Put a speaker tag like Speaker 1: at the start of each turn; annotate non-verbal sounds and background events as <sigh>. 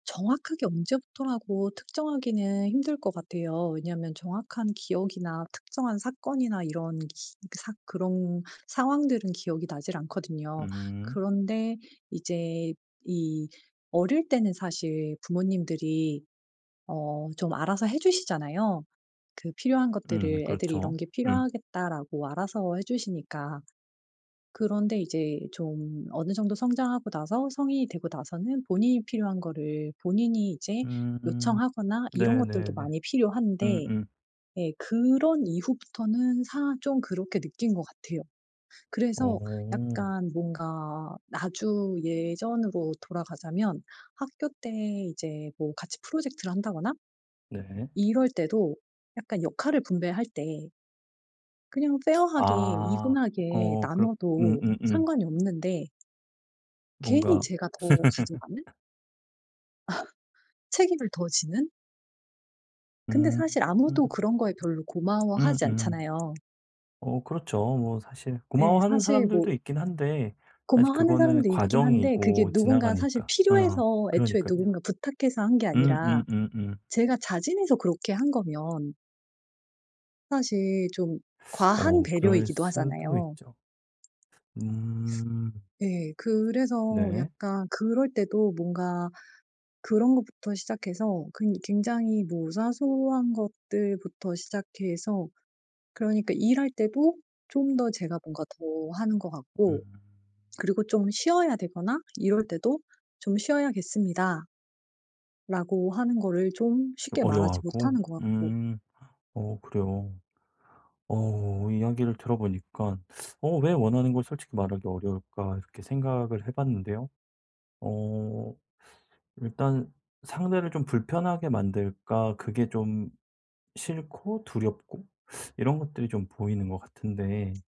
Speaker 1: 정확하게 언제부터라고 특정하기는 힘들 것 같아요. 왜냐하면 정확한 기억이나 특정한 사건이나 이런 기 사 그런 상황들은 기억이 나질 않거든요.
Speaker 2: 음.
Speaker 1: 그런데 이제 이 어릴 때는 사실 부모님들이 어 좀 알아서 해 주시잖아요. 그 필요한
Speaker 2: 음
Speaker 1: 것들을 '애들이
Speaker 2: 그렇죠.
Speaker 1: 이런 게
Speaker 2: 음.
Speaker 1: 필요하겠다.'라고 알아서 해 주시니까. 그런데 이제 좀 어느 정도 성장하고 나서 성인이 되고 나서는 본인이 필요한 거를 본인이 이제
Speaker 2: 음.
Speaker 1: 요청하거나 이런 것들도
Speaker 2: 네네네.
Speaker 1: 많이 필요한데,
Speaker 2: 음음.
Speaker 1: 네. 그런 이후부터는 사 좀 그렇게 느낀 것 같아요. 그래서
Speaker 2: 어.
Speaker 1: 약간 뭔가 아주 예전으로 돌아가자면 학교 때 이제 뭐 같이 프로젝트를 한다거나
Speaker 2: 네.
Speaker 1: 이럴 때도 약간 역할을 분배할 때 그냥 fair하게
Speaker 2: 아
Speaker 1: even하게
Speaker 2: 어 그렇
Speaker 1: 나눠도
Speaker 2: 음음음.
Speaker 1: 상관이 없는데 괜히
Speaker 2: 뭔가
Speaker 1: 제가 더 가져가는?
Speaker 2: <laughs>
Speaker 1: <laughs> 책임을 더 지는? 근데
Speaker 2: 음.
Speaker 1: 사실 아무도 그런 거에 별로 고마워하지
Speaker 2: 음음.
Speaker 1: 않잖아요.
Speaker 2: 어 그렇죠. 뭐 사실
Speaker 1: 예.
Speaker 2: 고마워하는
Speaker 1: 사실
Speaker 2: 사람들도
Speaker 1: 뭐
Speaker 2: 있긴 한데 사실
Speaker 1: 고마워하는
Speaker 2: 그거는
Speaker 1: 사람도 있긴 한데 그게
Speaker 2: 과정이고
Speaker 1: 누군가 사실
Speaker 2: 지나가니까 어
Speaker 1: 필요해서 애초에
Speaker 2: 그러니깐요.
Speaker 1: 누군가 부탁해서 한 게 아니라
Speaker 2: 음음음음.
Speaker 1: 제가 자진해서 그렇게 한 거면 사실 좀
Speaker 2: <sucks teeth>
Speaker 1: 과한
Speaker 2: 어 그럴
Speaker 1: 배려이기도
Speaker 2: 수도
Speaker 1: 하잖아요.
Speaker 2: 있죠. 음.
Speaker 1: 네. 그래서
Speaker 2: 네.
Speaker 1: 약간 그럴 때도 뭔가 그런 것부터 시작해서 근 굉장히 뭐 사소한 것들부터 시작해서 그러니까 일할 때도 좀 더 제가 뭔가 더 하는 거
Speaker 2: 음.
Speaker 1: 같고 그리고 좀 쉬어야 되거나 이럴 때도 "좀 쉬어야겠습니다." 라고 하는 거를 좀
Speaker 2: 좀
Speaker 1: 쉽게 말하지
Speaker 2: 어려워하고
Speaker 1: 못하는 거 같고.
Speaker 2: 음. 어 그래요. 어 이야기를 들어보니까 <sucks teeth> '어 왜 원하는 걸 솔직히 말하기 어려울까?' 이렇게 생각을 해봤는데요. 어 <sucks teeth> 일단 상대를 좀 불편하게 만들까? 그게 좀 싫고 두렵고 <sucks teeth> 이런 것들이 좀 보이는 것 같은데